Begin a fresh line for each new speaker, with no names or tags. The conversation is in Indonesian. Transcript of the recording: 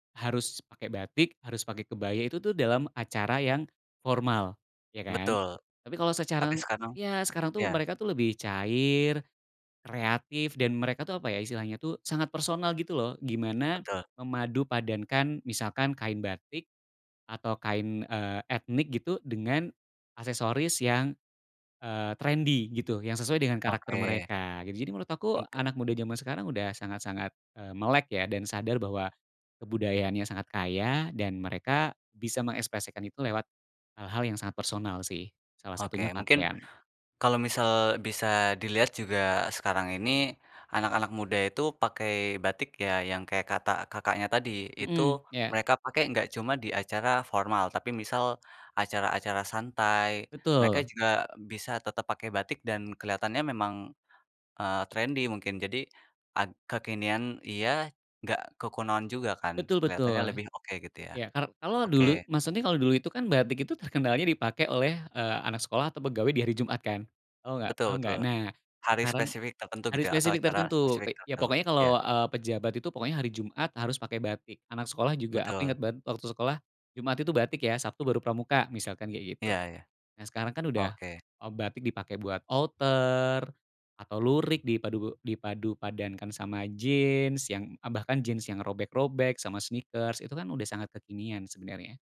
Harus pakai batik, harus pakai kebaya, itu tuh dalam acara yang formal, ya kan.
Betul.
Tapi kalau
Tapi
sekarang
sekarang
ya sekarang tuh
ya.
mereka tuh lebih cair, kreatif dan mereka tuh apa ya istilahnya tuh sangat personal gitu loh, gimana
Betul.
memadu padankan misalkan kain batik atau kain, eee, etnik gitu dengan aksesoris yang, eee, trendi gitu, yang sesuai dengan karakter
Oke.
mereka. Jadi menurut aku
Nggak.
anak muda jaman sekarang, udah sangat-sangat, eee, melek ya dan sadar bahwa kebudayaannya sangat kaya dan mereka bisa mengekspresikan itu lewat hal-hal yang sangat personal sih, salah
Oke,
satunya
mungkin
pakaian.
kalau misal bisa dilihat juga sekarang ini anak-anak muda itu pakai batik ya, yang kayak kata, Kakaknya, tadi, itu
Mhm, ya.
mereka pakai gak cuma di acara formal, tapi misal acara-acara santai, mereka
Betul.
juga bisa tetap pakai batik dan kelihatannya memang, eee, trendi mungkin, jadi ag kekinian iya, gak kekunoan juga kan,
Betul
kelihatannya
betul.
lebih oke gitu ya.
Ya, ka kalau dulu
Oke
maksudnya kalau dulu itu kan batik itu terkenalnya dipakai oleh, eee, anak sekolah atau pegawai di hari Jumat kan? Tahu nggak, paham
Betul
nggak?
betul.
Nah,
Hari
karang
spesifik tertentu
hari
gitu ya atau
spesifik
acara
tertentu
spesifik
ke ya
tertentu,
pokoknya kalau,
ya.
eee, pejabat itu, pokoknya hari Jumat harus pakai batik. Anak sekolah juga, aku
Betul.
inget banget waktu sekolah, Jumat itu batik ya, Sabtu baru Pramuka misalkan kayak gitu.
Ya ya.
Nah sekarang kan udah,
Oke.
eee, batik dipakai buat outer, atau lurik dipadu dipadu padankan sama jeans, yang e bahkan jeans yang robek-robek sama sneakers itu kan udah sangat kekinian sebenarnya.